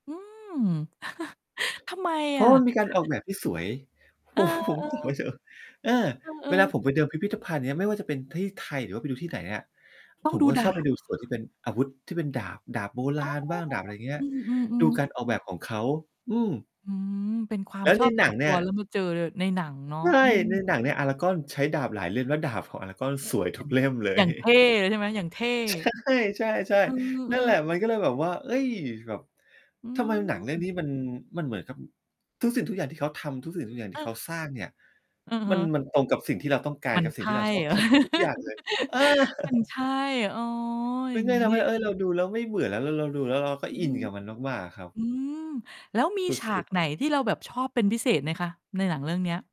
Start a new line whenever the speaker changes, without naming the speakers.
อืม ทำไม
เพร
อ
าะ
ะ?
ว่ามันมีการออกแบบที่สวย
เ
ผ
ออ
มว่าผม ผมไป
ๆ
เจอ เออ
เอ
เวล
อ
าผ
ๆ
มไปเดินพิพิธภัณฑ์เนี่ย ไม่ว่าจะเป็นที่ไทย หรือว่าไปดูที่ไหนอะ
ต้
ผ
อง
ม
ดู
ก็จะ
ด
ชอ
า
บไป
บ
ดูส่วนที่เป็นอาวุธที่เป็นดาบ ดาบโบร
อ๋อ
าณบ้าง ดาบอะไรเงี้
อ
ย
ื
ดู
อ ๆ
ก
ๆ
ารออกแบบของเขา อืม
อื้อฮือ เป็นควา
แ
ม
ล้ว
ช
ใน
อบ
ห
ส
น
่
ั
วน
ง
ต
เน
ั
ี่
ว
ย
แล้วมาเจอ ล ในหนังเนาะ
ใช่
อืม
ในหนังเนี่ย Aragorn ใช้ดาบหลายเล่ม แล้วดาบของ Aragorn สวย
อ
ท
ย่
ุ
า
ก
ง
เล่มเล
อย่
ย
างเท่เลยใช่ไหม? อย่างเท่
ใช่ ใช่
อื
ๆ นั่นแ
อ
หละ
ๆ
มันก็เลยแบบว่า เอ๊ย แบบ
อื
ทำไมหนังเรื่อง
ม
นี้มัน มันเหมือนกับ ทุกสิ่งทุกอย่างที่เขาทำ ทุกสิ่งทุกอย่างที่เข
เออ
าสร้างเนี่ย
อือฮ
มัน
ึ
มันตรงกับสิ่งที่เราต้องกา
ม
ร
ัน
กับ
ใ
ส
ช
ิ่งท
่
ี่เราชอ
เ
บ
หร
แ
อ?
ทบทุกอย่างเลย? เออ
มันใช่ อ้อ อ
ม
ย่
ั
า
น
ง
ก็
งี
จ
้
ะท
นี
ำ
่
ให
เ
้
อง
เฮ่ย เราดูแล้วไม่เบื่อ แล้วเรา เราดูแล้วเราก็
อือ
อิ
ฮึ
นกับมันมาก ๆ อะครับ
อื้อฮือ แล้วมี
ส
ฉา
ุ
ก
ด ๆ
ไหนที่เราแบบชอบเป็นพิเศษไหมคะ ในหนังเรื่องเนี้ย?